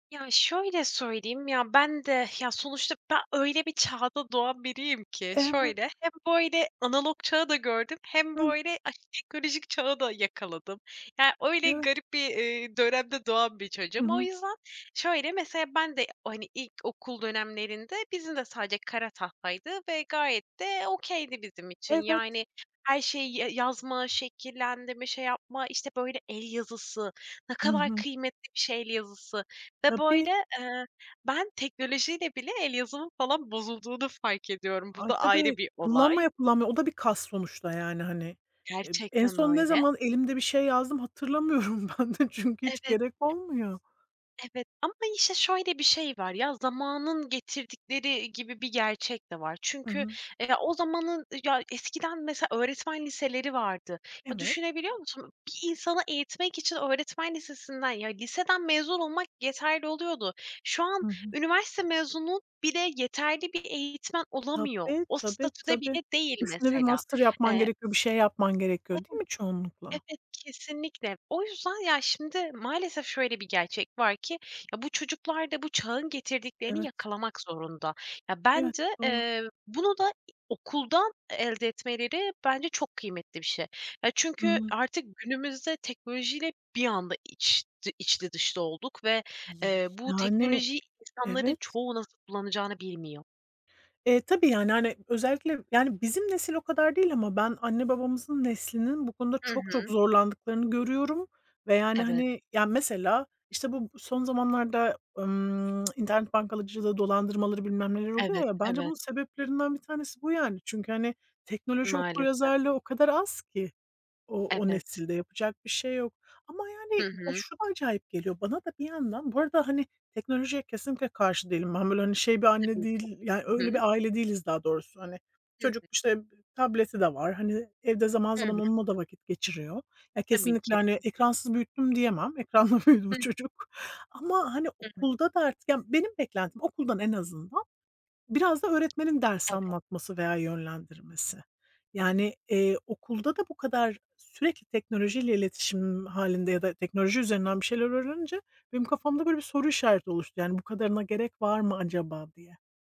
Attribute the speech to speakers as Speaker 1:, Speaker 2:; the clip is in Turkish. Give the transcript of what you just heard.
Speaker 1: Ya şöyle söyleyeyim, ya ben de ya, sonuçta be öyle bir çağda doğan biriyim ki;
Speaker 2: Evet.
Speaker 1: şöyle, hem böyle analog çağı da gördüm hem
Speaker 2: Hıh.
Speaker 1: böyle ah teknolojik çağı da yakaladım yani öyle
Speaker 2: Evet.
Speaker 1: garip bir, eee, dönemde doğan bir
Speaker 2: Hı
Speaker 1: çocuğum. O
Speaker 2: hı.
Speaker 1: yüzden şöyle, mesela ben de o, hani, ilkokul dönemlerinde bizim de sadece kara tahtaydı ve gayet de okay'di bizim için
Speaker 2: Evet.
Speaker 1: yani her şey ye yazma, şekillendirme, şey yapma, işte, böyle el yazısı, ne
Speaker 2: Hı
Speaker 1: kadar
Speaker 2: hı.
Speaker 1: kıymetli bir şey el yazısı ve böyle,
Speaker 2: Tabii.
Speaker 1: eee, ben teknolojiyle bile el yazımın falan bozulduğunu fark ediyorum.
Speaker 2: A
Speaker 1: Bu
Speaker 2: ay
Speaker 1: da ayrı
Speaker 2: tabii
Speaker 1: bir olay.
Speaker 2: kullanmaya kullanmaya o da bir kas sonuçta yani hani. E en
Speaker 1: Gerçekten
Speaker 2: son ne
Speaker 1: öyle.
Speaker 2: zaman elimde bir şey yazdım hatırlamıyorum ben de çünkü hiç
Speaker 1: Evet.
Speaker 2: gerek olmuyor.
Speaker 1: Evet, ama işte şöyle bir şey var. Ya, zamanın getirdikleri gibi bir gerçek de var.
Speaker 2: Hı
Speaker 1: Çünkü,
Speaker 2: hı.
Speaker 1: eee, o zamanın ya eskiden mesela öğretmen liseleri vardı. Ya
Speaker 2: Evet.
Speaker 1: düşünebiliyor musun? Bir insanı eğitmek için öğretmen lisesinden ya, liseden mezun olmak yeterli oluyordu. Şu an
Speaker 2: Hı hı.
Speaker 1: üniversite mezunu bile yeterli bir eğitmen olamıyor.
Speaker 2: Tabii,
Speaker 1: O
Speaker 2: tabii,
Speaker 1: statüde
Speaker 2: tabii.
Speaker 1: bile değil
Speaker 2: Üstüne bir
Speaker 1: mesela.
Speaker 2: master yapman
Speaker 1: Eee
Speaker 2: gerekiyor, bir şey yapman gerekiyor değil mi çoğunlukla?
Speaker 1: Evet, kesinlikle. O yüzden, ya şimdi maalesef şöyle bir gerçek var ki ya, bu çocuklar da bu çağın getirdiklerini
Speaker 2: Evet.
Speaker 1: yakalamak zorunda. Ya,
Speaker 2: Evet,
Speaker 1: bence,
Speaker 2: doğru.
Speaker 1: eee, bunu da, iii, okuldan e elde etmeleri bence çok kıymetli bir şey. Ya, çünkü
Speaker 2: Hımm.
Speaker 1: artık günümüzde teknolojiyle bir anda iç ti iç içli dışlı olduk ve, eee, bu
Speaker 2: Yani
Speaker 1: teknolojiyi insanların
Speaker 2: evet.
Speaker 1: çoğu nasıl kullanacağını bilmiyor.
Speaker 2: Eee, tabii yani, hani, özellikle yani bizim nesil o kadar değil ama ben anne babamızın neslinin bu konuda
Speaker 1: Hı
Speaker 2: çok çok
Speaker 1: hı.
Speaker 2: zorlandıklarını görüyorum ve yani,
Speaker 1: Evet.
Speaker 2: hani, ya mesela, işte, bu b son zamanlarda, ımm, internet bankacılığı dolandırmaları bilmem neleri oluyor
Speaker 1: Evet,
Speaker 2: ya, bence bunun
Speaker 1: evet.
Speaker 2: sebeplerinden bir tanesi bu yani. Çünkü, hani, teknoloji
Speaker 1: Maalesef.
Speaker 2: okuryazarlığı o kadar az ki o o
Speaker 1: Evet.
Speaker 2: nesilde yapacak bir şey yok ama yani
Speaker 1: Hı
Speaker 2: ya,
Speaker 1: hı.
Speaker 2: şu da acayip geliyor bana da bir yandan bu arada, hani, teknolojiye kesinlikle karşı değilim. Ben böyle, hani şey, bir anne
Speaker 1: Kesinlikle.
Speaker 2: değil yani
Speaker 1: Hı
Speaker 2: öyle
Speaker 1: hı.
Speaker 2: bir aile değiliz daha doğrusu hani.
Speaker 1: Hı
Speaker 2: Çocuk,
Speaker 1: hı.
Speaker 2: işte, b tableti de var. Hani, evde zaman
Speaker 1: Hı
Speaker 2: zaman
Speaker 1: hı.
Speaker 2: onunla da vakit geçiriyor. Ya,
Speaker 1: Tabii
Speaker 2: kesinlikle,
Speaker 1: ki.
Speaker 2: hani, ekransız büyüttüm diyemem. Ekranla büyüdü bu
Speaker 1: Hıh.
Speaker 2: çocuk ama, hani,
Speaker 1: Hı hı.
Speaker 2: okulda da artık ya benim beklentim okuldan en azından biraz da öğretmenin ders
Speaker 1: Evet.
Speaker 2: anlatması veya yönlendirmesi.
Speaker 1: Hı hı.
Speaker 2: Yani, eee, okulda da bu kadar sürekli teknolojiyle iletişim hâlinde ya da teknoloji üzerinden bir şeyler öğrenince benim kafamda böyle bir soru işareti oluştu yani bu kadarına gerek var mı acaba diye.